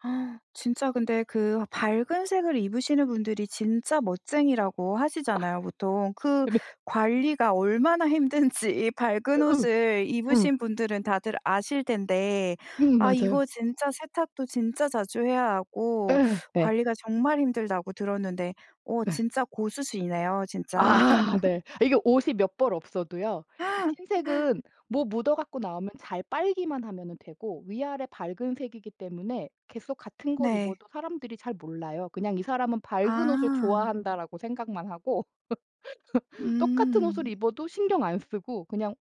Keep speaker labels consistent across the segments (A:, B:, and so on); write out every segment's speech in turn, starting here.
A: 진짜 근데 그 밝은 색을 입으시는 분들이 진짜 멋쟁이라고 하시잖아요 보통. 그
B: 근데
A: 관리가 얼마나 힘든지 밝은 옷을
B: 응.
A: 입으신 분들은 다들 아실 텐데.
B: 음,
A: 아
B: 맞아요.
A: 이거 진짜 세탁도 진짜 자주 해야 하고
B: 예. 네.
A: 관리가 정말 힘들다고 들었는데 어
B: 예.
A: 진짜 고수시네요 진짜.
B: 아 네. 이게 옷이 몇 벌 없어도요. 흰색은 뭐 묻어 갖고 나오면 잘 빨기만 하면은 되고 위아래 밝은 색이기 때문에 계속 같은 걸
A: 네.
B: 입어도 사람들이 잘 몰라요. 그냥 이 사람은 '밝은 옷을
A: 아.
B: 좋아한다.'라고 생각만 하고 똑같은 옷을
A: 음.
B: 입어도 신경 안 쓰고 그냥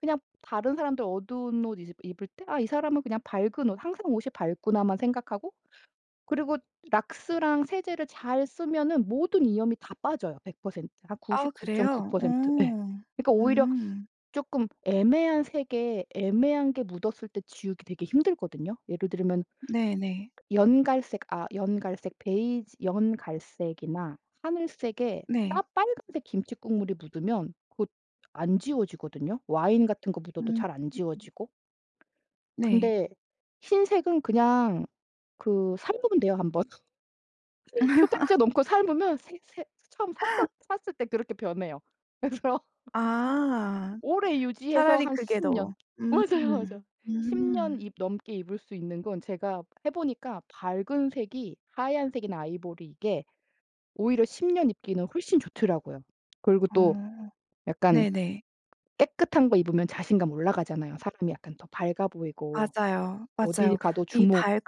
B: 그냥 다른 사람들 어두운 옷 이제 입을 때 '아 이 사람은 그냥 밝은 옷, 항상 옷이 밝구나.'만 생각하고 그리고 락스랑 세제를 잘 쓰면은 모든 이염이 다 빠져요. 100% 한
A: 아우
B: 구십구 점 구
A: 그래요? 어.
B: 퍼센트. 예. 그러니까 오히려
A: 음.
B: 조금 애매한 색의 애매한 게 묻었을 때 지우기 되게 힘들거든요. 예를 들면
A: 네네.
B: 연갈색 아 연갈색 베이지, 연갈색이나 하늘색에 까
A: 네.
B: 빨간색 김칫국물이 묻으면 그것 안 지워지거든요. 와인 같은 거 묻어도
A: 음.
B: 잘 안 지워지고.
A: 네.
B: 근데 흰색은 그냥 그 삶으면 돼요. 1 번. 표백제 넘고 삶으면 새 새 처음 샀었 샀을 때 그렇게 변해요. 그래서
A: 아.
B: 오래 유지해서
A: 차라리
B: 한
A: 그게
B: 10
A: 더
B: 년
A: 음.
B: 맞아요. 맞아요. 10 년
A: 음.
B: 입 넘게 입을 수 있는 건 제가 해 보니까 밝은 색이 하얀색이나 아이보리 이게 오히려 10 년 입기는 훨씬 좋더라고요. 그리고 또
A: 어,
B: 약간
A: 네네.
B: 깨끗한 거 입으면 자신감 올라가잖아요. 사람이 약간 더 밝아 보이고
A: 맞아요,
B: 어딜
A: 맞아요.
B: 가도
A: 이
B: 주목
A: 밝으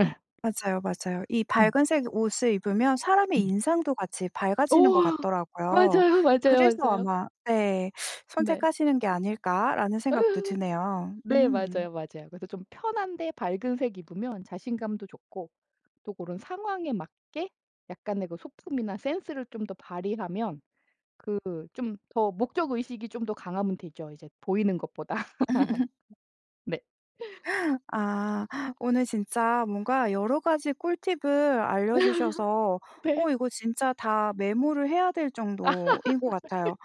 B: 예.
A: 맞아요, 맞아요. 이
B: 음.
A: 밝은 색 옷을 입으면 사람의
B: 음.
A: 인상도 같이
B: 어.
A: 밝아지는 것 같더라고요.
B: 맞아요, 맞아요,
A: 그래서
B: 맞아요.
A: 아마 네,
B: 네.
A: '선택하시는 게 아닐까?'라는
B: 예.
A: 생각도 드네요.
B: 네
A: 음.
B: 맞아요, 맞아요. 그래서 좀 편한데 밝은 색 입으면 자신감도 좋고 또 고런 상황에 맞게 약간의 뭐 소품이나 센스를 좀 더 발휘하면 그 좀 더 목적의식이 좀 더 강하면 되죠. 이제 보이는 것보다. 네.
A: 아 오늘 진짜 뭔가 여러 가지 꿀팁을 알려 주셔서
B: 네.
A: 어 이거 진짜 다 메모를 해야 될 정도인 것 같아요.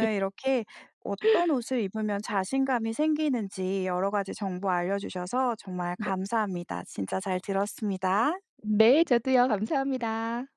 B: 아니
A: 이렇게 어떤 옷을 입으면 자신감이 생기는지 여러 가지 정보 알려 주셔서 정말
B: 네.
A: 감사합니다. 진짜 잘 들었습니다.
B: 네, 저도요. 감사합니다.